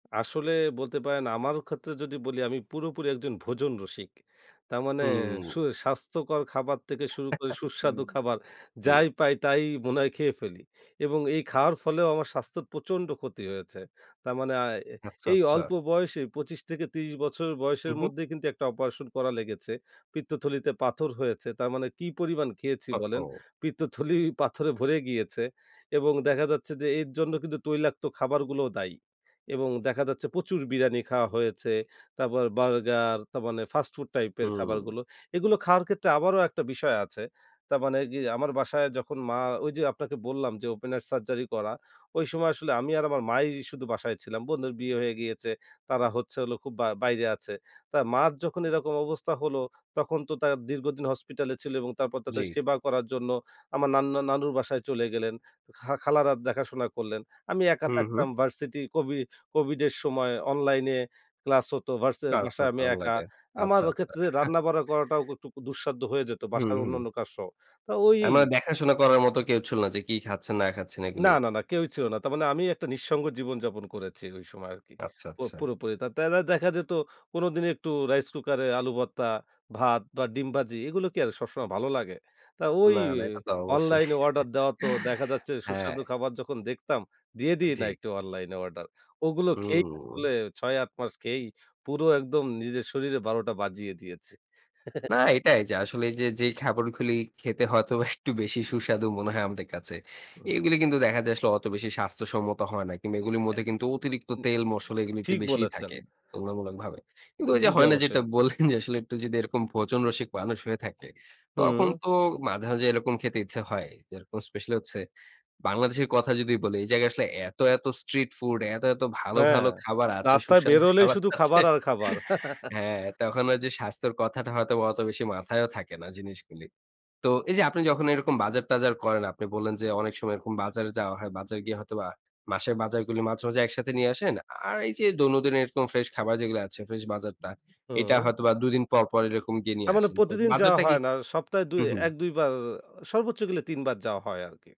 আসলে বলতে পারেন আমারও ক্ষেত্রে যদি বলি আমি পুরোপুরি একজন ভোজন রসিক। তার মানে সু হুম। স্বাস্থ্যকর খাবার থেকে শুরু করে সুস্বাদু খাবার, জি। যাই পাই তাই মনে হয় খেয়ে ফেলি। এবং এই খাওয়ার ফলেও আমার স্বাস্থ্য প্রচন্ড ক্ষতি হয়েছে। তার মানে আ এ আচ্ছা, এই আচ্ছা। অল্প বয়সে ২৫ থেকে ৩০ বছরের হুম, বয়সের হুম। মধ্যেই কিন্তু একটা অপারেশন করা লেগেছে, পিত্তথলিতে পাথর হয়েছে। তার মানে কি পরিমাণ খেয়েছি ওহ বলেন? হো! পিত্তথলি পাথরে ভরে গিয়েছে। এবং দেখা যাচ্ছে যে এর জন্য কিন্তু তৈলাক্ত খাবারগুলোও দায়ী। এবং দেখা যাচ্ছে প্রচুর বিরানি খাওয়া হয়েছে, তারপর বার্গার তার মানে ফাস্ট ফুড টাইপ এর হুম। খাবারগুলো। এগুলো খাওয়ার ক্ষেত্রে আবারও একটা বিষয় আছে। তারমানে গি আমার বাসায় যখন মা ওই যে আপনাকে বললাম যে ওপেনার সার্জারি করা ওই সময় আসলে আমি আর আমার মাই শুধু বাসায় ছিলাম। বোনের বিয়ে হয়ে গিয়েছে, তারা হচ্ছে হলো খুব আ বাইরে আছে। তা মার যখন এরকম অবস্থা হলো, তখন তো তা দীর্ঘদিন হসপিটালে ছিলো এবং তারপর তাদের জি। সেবা করার জন্য আমার নান্না নানুর বাসায় চলে গেলেন, খা খালারা দেখাশোনা করলেন। আমি একা হুম, থাকতাম হুম। ভার্সিটি, কোভি কোভিডের সময় অনলাইনে ক্লাস হতো, ভার্সে কাজটা বাসায় তো আমি একা। অনলাইনে। আমার আচ্ছা, আচ্ছা। ক্ষেত্রে রান্না-বাড়া করাটাও ক একটু দুঃসাধ্য হয়ে যেত হুম, বাসার হুম। অন্যান্য কাজ সহ। তা ওই আ মানে দেখাশোনা করার মতো কেউ ছিল না যে কি খাচ্ছেন না খাচ্ছেন না, এগুলি? না, না, কেউই ছিল না। তারমানে আমি একটা নিঃসঙ্গ জীবনযাপন করেছি ওই সময় আরকি আচ্ছা, পো আচ্ছা। পুরোপুরি। তা তা আ দেখা যেত কোনদিন একটু রাইস কুকারে আলু ভর্তা, ভাত বা ডিম ভাজি। এগুলো কি আর সবসময় ভালো লাগে? তা ওই না, না, এটা তো অবশ্যই। অনলাইনে অর্ডার দেওয়া তো দেখা যাচ্ছে হ্যাঁ। সুস্বাদু খাবার যখন দেখতাম। দিয়ে দিই না জি। একটু অনলাইনে অর্ডার। ওগুলো খেয়েই হুম। আসলে ৬-৮ মাস খেয়েই পুরো একদম নিজের শরীরে ১২টা বাজিয়ে দিয়েছি। না এটাই যে আসলে এই যে যেই খাবারগুলি খেতে হয়তোবা একটু বেশি সুস্বাদু মনে হয় আমাদের কাছে। উম এগুলো কিন্তু দেখা যায় আসলে অত বেশি স্বাস্থ্যসম্মত হয় না। কিংবা এগুলোর অ্যা মধ্যে কিন্তু অতিরিক্ত উ উম তেল-মসলা এগুলো একটু ঠিক বেশিই বলেছেন। থাকে তুলনামূলকভাবে। কিন্তু ওই যে জি, জি, হয় না যেটা অবশ্যই। বললেন যে আসলে একটু যদি এরকম ভোজন রসিক মানুষ হয়ে থাকে, তখন হুম। তো মাঝে, মাঝে এরকম খেতে ইচ্ছা হয়। যেরকম স্পেশালি হচ্ছে বাংলাদেশের কথা যদি বলি। এই জায়গায় আসলে এত, এত স্ট্রিট ফুড এত, এত ভালো, হ্যাঁ। ভালো খাবার আছে, রাস্তায় সুস্বাদু বেরোলেই খাবার শুধু আছে। খাবার আর খাবার। হ্যাঁ, তখন ওই যে স্বাস্থ্যের কথাটা হয়তোবা অত বেশি মাথায়ও থাকে না জিনিসগুলি। তো এই যে আপনি যখন এইরকম বাজার-টাজার করেন, আপনি বললেন যে অনেক সময় এরকম বাজারে যাওয়া হয়। বাজারে গিয়ে হয়তোবা মাসের বাজারগুলি মাঝে, মাঝে একসাথে নিয়ে আসেন। আর এই যে দৈনন্দিন এরকম ফ্রেশ খাবার যেগুলো আছে ফ্রেশ বাজারটা, এইটা হুম। হয়তো বা ২ দিন পর, পর এইরকম গিয়ে আ নিয়ে মানে আসেন। তো প্রতিদিন যাওয়া বাজারটা কি হয় না ওই সপ্তাহে ২ হুম, হুম। ১-২ বার আ সর্বোচ্চ গেলে ৩ বার যাওয়া হয় আরকি।